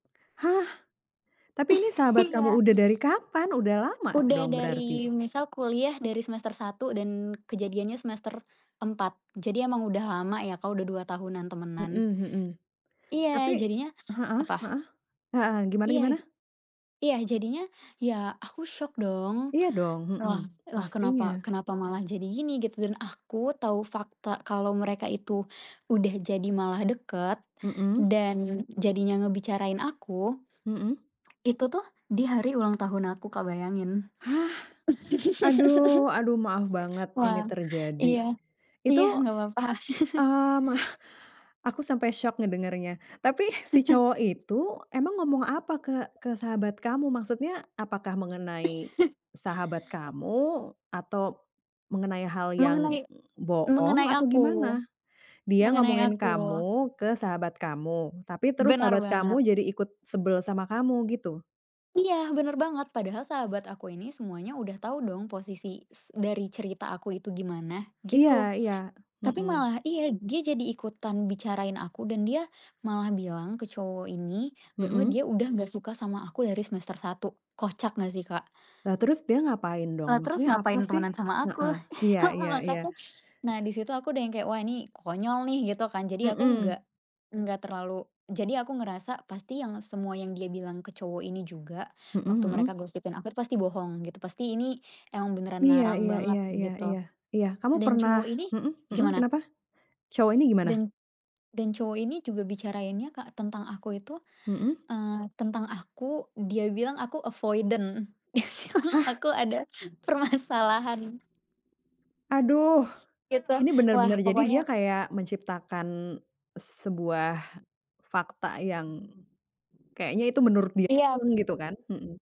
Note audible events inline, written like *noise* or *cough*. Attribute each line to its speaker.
Speaker 1: Hah? Tapi ini,
Speaker 2: *chuckles*
Speaker 1: sahabat kamu
Speaker 2: Iya.
Speaker 1: udah dari kapan, udah lama
Speaker 2: Udah
Speaker 1: dong berarti?
Speaker 2: dari misal kuliah dari semester 1 dan kejadiannya semester 4. Jadi emang udah lama ya Kak, udah 2 tahunan temenan.
Speaker 1: Mhm mhm.
Speaker 2: Iya,
Speaker 1: Tapi
Speaker 2: jadinya
Speaker 1: heeh
Speaker 2: apa?
Speaker 1: heeh? Heeh, gimana
Speaker 2: Iya,
Speaker 1: gimana?
Speaker 2: ja iya jadinya, ya aku syok dong,
Speaker 1: Iya dong, mhm.
Speaker 2: "Lah lah, kenapa
Speaker 1: Pastinya.
Speaker 2: kenapa malah jadi gini?" Gitu, dan aku tahu fakta kalau mereka itu udah jadi malah deket
Speaker 1: Mhm.
Speaker 2: dan jadinya ngebicarain aku
Speaker 1: Mhm.
Speaker 2: itu tuh di hari ulang tahun aku Kak, bayangin.
Speaker 1: Hah? Aduh aduh maaf banget
Speaker 2: *laughs*
Speaker 1: ini
Speaker 2: Wah, iya,
Speaker 1: terjadi. Itu,
Speaker 2: iya nggak apa-apa. *laughs*
Speaker 1: mmm, *chuckles* aku sampai syok ngedengernya. Tapi si
Speaker 2: *chuckles*
Speaker 1: cowok itu emang ngomong apa ke ke sahabat kamu? Maksudnya apakah mengenai sahabat
Speaker 2: *chuckles*
Speaker 1: kamu, atau mengenai hal yang
Speaker 2: Mengenai
Speaker 1: bohong,
Speaker 2: mengenai
Speaker 1: atau
Speaker 2: aku
Speaker 1: gimana? Dia
Speaker 2: mengenai
Speaker 1: ngomongin
Speaker 2: aku.
Speaker 1: kamu ke sahabat kamu, tapi terus
Speaker 2: Benar
Speaker 1: sahabat
Speaker 2: banget.
Speaker 1: kamu jadi ikut sebel sama kamu, gitu?
Speaker 2: Iya, benar banget. Padahal sahabat aku ini semuanya udah tau dong posisi s dari cerita aku itu gimana,
Speaker 1: Iya
Speaker 2: gitu.
Speaker 1: iya.
Speaker 2: Tapi
Speaker 1: Mhm.
Speaker 2: malah iya, dia jadi ikutan bicarain aku dan dia malah bilang ke cowok ini bahwa
Speaker 1: Mhm.
Speaker 2: dia udah nggak suka sama aku dari semester 1, kocak nggak sih, Kak?
Speaker 1: Lah, terus dia ngapain dong?
Speaker 2: Lah,
Speaker 1: Maksudnya
Speaker 2: terus
Speaker 1: apa
Speaker 2: ngapain
Speaker 1: sih?
Speaker 2: temenan sama aku?
Speaker 1: Heeh. Iya
Speaker 2: *chuckles* Heeh,
Speaker 1: iya iya.
Speaker 2: makanya, nah di situ aku udah yang kayak, "Wah, ini konyol nih", gitu kan. Jadi aku nggak
Speaker 1: Mhm.
Speaker 2: nggak terlalu jadi aku ngerasa, pasti yang semua yang dia bilang ke cowok ini juga
Speaker 1: Mhm
Speaker 2: waktu mereka
Speaker 1: mhm.
Speaker 2: gosipin aku pasti bohong, gitu. Pasti ini emang beneran
Speaker 1: Iya
Speaker 2: ngarang
Speaker 1: iya
Speaker 2: banget
Speaker 1: iya iya
Speaker 2: gitu,
Speaker 1: iya iya. Kamu
Speaker 2: dan
Speaker 1: pernah
Speaker 2: cowok ini
Speaker 1: mhm mhm,
Speaker 2: gimana?
Speaker 1: kenapa? Cowok ini gimana?
Speaker 2: Dan dan cowok ini juga bicarainnya Kak tentang aku itu,
Speaker 1: Mhm.
Speaker 2: eee, tentang aku dia bilang aku avoidant, *laughs*
Speaker 1: Hah?
Speaker 2: aku ada permasalahan.
Speaker 1: Aduh,
Speaker 2: Gitu,
Speaker 1: ini bener
Speaker 2: wah
Speaker 1: bener, jadi
Speaker 2: pokoknya
Speaker 1: dia kayak menciptakan sebuah fakta yang kayaknya itu menurut dia
Speaker 2: Iya.
Speaker 1: pun, gitu kan? Mhm.